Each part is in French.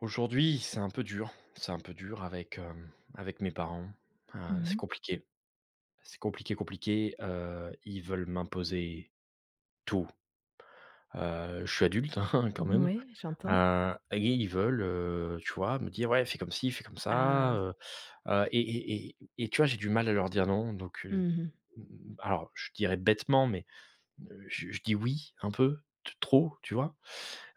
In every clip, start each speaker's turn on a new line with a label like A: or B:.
A: Aujourd'hui c'est un peu dur. C'est un peu dur avec hem, avec mes parents. Heu,
B: Mmh
A: c'est
B: mh.
A: compliqué. C'est compliqué, compliqué, heu, ils veulent m'imposer tout. Heu, je suis adulte, hein, quand même.
B: Oui, j'entends.
A: Heu et ils ils veulent, heu, tu vois me dire: «Ouais fais comme ci, fais comme ça»
B: Ah!
A: heu heu, et et et et tu vois j'ai du mal à leur dire: «Non» donc heu,
B: Mmh mh.
A: n n n alors je dirais- bêtement- mais je je dis: «Oui» un peu t trop, tu vois?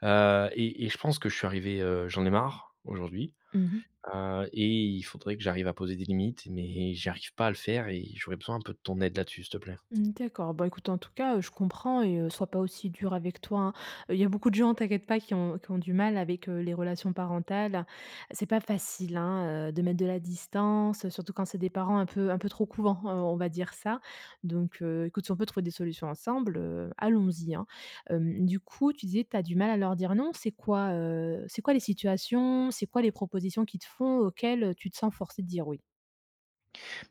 A: Heu et et je pense que je suis arrivé heu, j'en ai marre aujourd'hui,
B: Mmh mh.
A: heu et il faudrait que j'arrive à poser des limites mais j'arrive pas à le faire et j'aurais besoin un peu de ton aide là-dessus s'il te plaît.
B: Mmh, d'accord, bah écoute, en tout cas, je comprends et heu, sois pas aussi dur avec toi, hein. Heu, il y a beaucoup de gens, t'inquiète pas, qui ont qui ont du mal avec les relations parentales. C'est pas facile, hein, heu, de mettre de la distance, surtout quand c'est des parents un peu un peu trop «couvents,» heu, on va dire ça. Donc heu, écoute, si on peut trouver des solutions ensemble, heu, allons y, hein. Hem, du coup, tu disais, tu as du mal à leur dire non, c'est quoi heu, c'est quoi les situations? C'est quoi les propositions qui te font auxquelles tu te sens forcé de dire oui?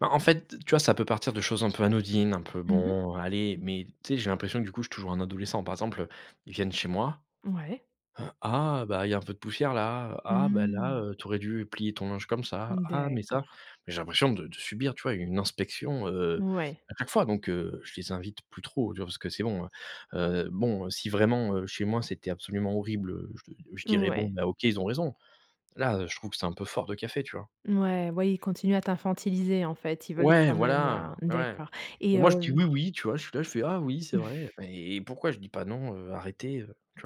A: Bah en fait, d tu vois, ça peut partir de choses un peu anodines, un peu
B: Mmh mh.
A: «bon, allez». Mais tu sais, j'ai l'impression, du coup, je suis toujours un adolescent. Par exemple, heu, ils viennent chez moi:
B: Ouais.
A: «Heu, ah bah, il y un peu de poussières là, ah bah là,
B: Mmh.
A: heu, tu aurais dû plier ton linge comme ça,
B: Mmh,
A: ah mais ça»
B: d'accord.
A: mais j'ai l'impression de de subir, tu vois, une inspection, heu,
B: Ouais.
A: à chaque fois donc, heu, je les invite plus trop, tu vois? Parce que c'est bon, heu heu, bon si vraiment, heu, chez moi c'était absolument horrible, heu je je dirais: «Bon,
B: Ouais.
A: bah, OK ils ont raison». Là, heu, je trouve que c'est un peu fort de café, tu vois?
B: Ouais. Ouais, ils continuent à t'infantiliser en fait, ils veulent
A: Ouais,
B: quand même,
A: voilà,
B: heu
A: ouais.
B: d'accord
A: Mais
B: et
A: moi je dis:
B: heu
A: «Oui, oui» tu vois? Je suis là, je fais: «Ah oui c'est vrai» mais et pourquoi je dis pas: «Non, heu, arrêtez!» tu vois?